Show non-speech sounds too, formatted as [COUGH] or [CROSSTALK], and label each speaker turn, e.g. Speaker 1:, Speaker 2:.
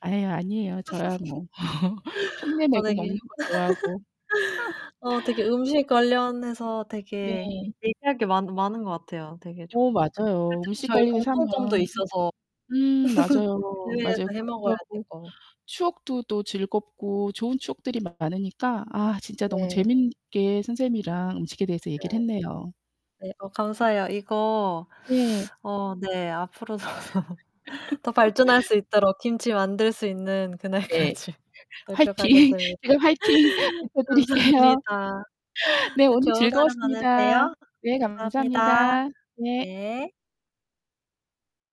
Speaker 1: 아이, 아니에요. 저야 뭐. [LAUGHS] 흉내
Speaker 2: [LAUGHS] 아
Speaker 1: 내고
Speaker 2: 되게
Speaker 1: 먹는
Speaker 2: [LAUGHS]
Speaker 1: 거 좋아하고.
Speaker 2: 어 되게
Speaker 1: [LAUGHS]
Speaker 2: 음식 관련해서 되게
Speaker 1: 네.
Speaker 2: 얘기할 게 많 많은 것 같아요 되게
Speaker 1: 어
Speaker 2: 좋고. 그
Speaker 1: 맞아요.
Speaker 2: 특히
Speaker 1: 음식
Speaker 2: 저희
Speaker 1: 관련해서
Speaker 2: 공통점도
Speaker 1: 하면
Speaker 2: 있어서
Speaker 1: 음 맞아요.
Speaker 2: [LAUGHS] 해외에서
Speaker 1: 맞아요.
Speaker 2: 해
Speaker 1: 그렇기도
Speaker 2: 먹어야
Speaker 1: 하고
Speaker 2: 되고
Speaker 1: 추억도 또 즐겁고 좋은 추억들이 많으니까 아 진짜 너무
Speaker 2: 네.
Speaker 1: 재밌게 선생님이랑 음식에 대해서
Speaker 2: 네.
Speaker 1: 얘기를 했네요.
Speaker 2: 네. 어 감사해요. 이거
Speaker 1: 네.
Speaker 2: 어 네 앞으로도 더 더 발전할
Speaker 1: [LAUGHS]
Speaker 2: 수 있도록 김치 만들 수 있는
Speaker 1: 네.
Speaker 2: 그날까지
Speaker 1: 화이팅.
Speaker 2: 노력하겠습니다.
Speaker 1: 제가 '화이팅.' 외쳐드릴게요.
Speaker 2: 감사합니다.
Speaker 1: 네.
Speaker 2: 네.
Speaker 1: 오늘
Speaker 2: 좋은 하루
Speaker 1: 즐거웠습니다.
Speaker 2: 보내세요.
Speaker 1: 네.
Speaker 2: 감사합니다.
Speaker 1: 감사합니다. 네.
Speaker 2: 네.